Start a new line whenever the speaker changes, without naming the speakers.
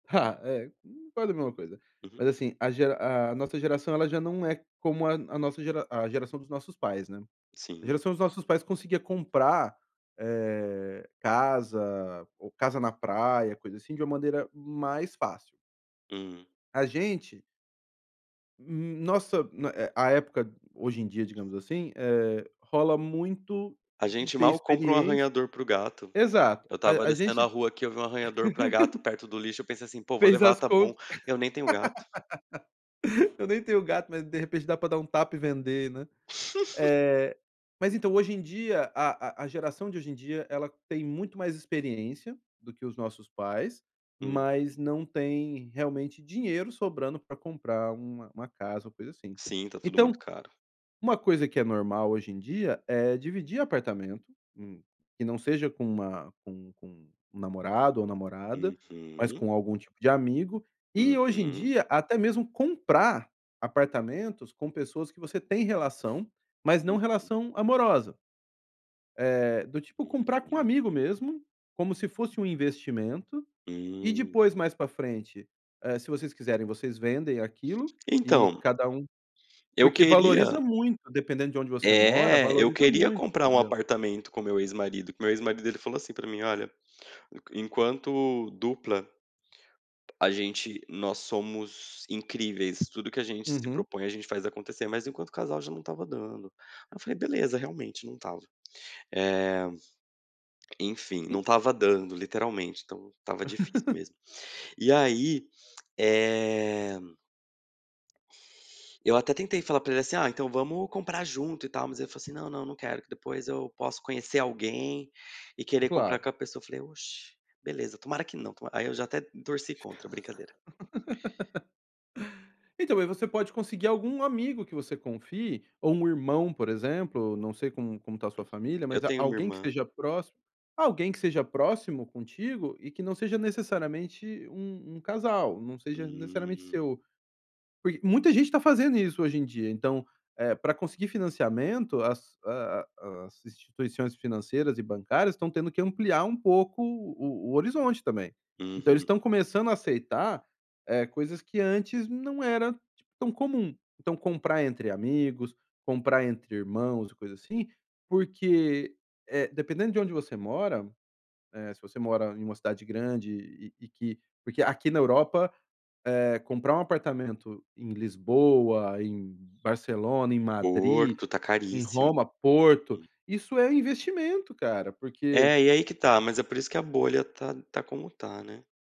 É, vale a mesma coisa.
Uhum.
Mas assim a gera a nossa geração ela já não é como a nossa gera a geração dos nossos pais, né? A
Sim.
geração dos nossos pais conseguia comprar, eh, casa, ou casa na praia, coisa assim, de uma maneira mais fácil.
Hum.
A gente Hum, nossa né, é, a época hoje em dia, digamos assim, eh, rola muito
A
de
gente
ter
mal comprou um
experiência
arranhador pro gato.
Exato,
Eu estava
a a
descendo a
gente
rua aqui, eu vi um arranhador pra gato perto do lixo. Eu pensei assim: "Pô, vou
Fez
levar,
as
tá bom",
contas
eu nem tenho gato.
"Eu nem tenho gato, de repente dá para dar um tapa e vender", né? Eh, mas então, hoje em dia a a geração de hoje em dia, ela tem muito mais experiência do que os nossos pais,
Hum.
mas não tem, realmente, dinheiro sobrando pra comprar uma uma casa ou coisa assim.
Sim, tá tudo
Então,
muito caro.
um coisa que é normal hoje em dia é dividir apartamento, hum, que não seja com uma com com um namorado ou namorada, mas
Uhum.
com algum tipo de amigo. E, hoje em
Uhum.
dia, até mesmo comprar apartamentos com pessoas que você tem relação, mas não
Uhum.
relação amorosa. Eh, do tipo comprar com um
Hum.
amigo mesmo, como se fosse um investimento, e
Hum.
depois mais para frente, eh, se vocês quiserem vocês vendem aquilo e
Então
cada um
eu
Porque valoriza
queria
muito, dependendo de onde você mora,
É, eu
valoriza
queria
muito,
comprar um
entendeu.
apartamento com meu ex-marido. Que meu ex-marido ele falou assim pra mim: "Olha, enq enquanto dupla" "...a gente nós somos incríveis, tudo que a gente se
Uhum.
propõe a gente faz acontecer. Mas enquanto o casal já não estava dando". Aí eu falei: "Beleza, realmente não estava". Eh, enfim, não estava dando, literalmente, então estava difícil mesmo. E aí, eh Eu até tentei falar pra ele assim: "Ah, então vamos comprar junto e tal". Mas ele falou assim: "Não, não, não quero que depois eu posso conhecer alguém e querer comprar
Claro.
com a pessoa". Eu falei: "Oxi! Beleza, tomara que não, tomara". Aí eu já até torci contra. Brincadeira.
Então, aí você pode conseguir algum amigo que você confie, ou um irmão, por exemplo, não sei como como está a sua
Uhum.
família,
Eu
mas a
tenho uma
alguém que
irmã.
esteja próximo, alguém que seja próximo contigo e que não seja necessariamente um um casal, não seja necessariamente
Hum.
seu Porque muita gente tá fazendo isso hoje em dia. Então, eh, para conseguir financiamento as a a as instituições financeiras e bancárias estão tendo que ampliar um pouco o o horizonte também. Então eles
Uhum.
estão começando a aceitar, eh, coisas que antes não era tão comum. Então, comprar entre amigos, comprar entre irmãos e coisa assim, porque, eh, dependendo de onde você mora, eh, se você mora em um cidade grande e-e que Porque aqui na Europa, eh, comprar um apartamento em Lisboa, em Barcelona, em Madrid,
Porto tá
em
caríssimo.
Roma, Porto,
Hum.
isso é investimento, cara, porque
É, e aí que tá. Mas é por isso que a bolha tá tá como tá, né?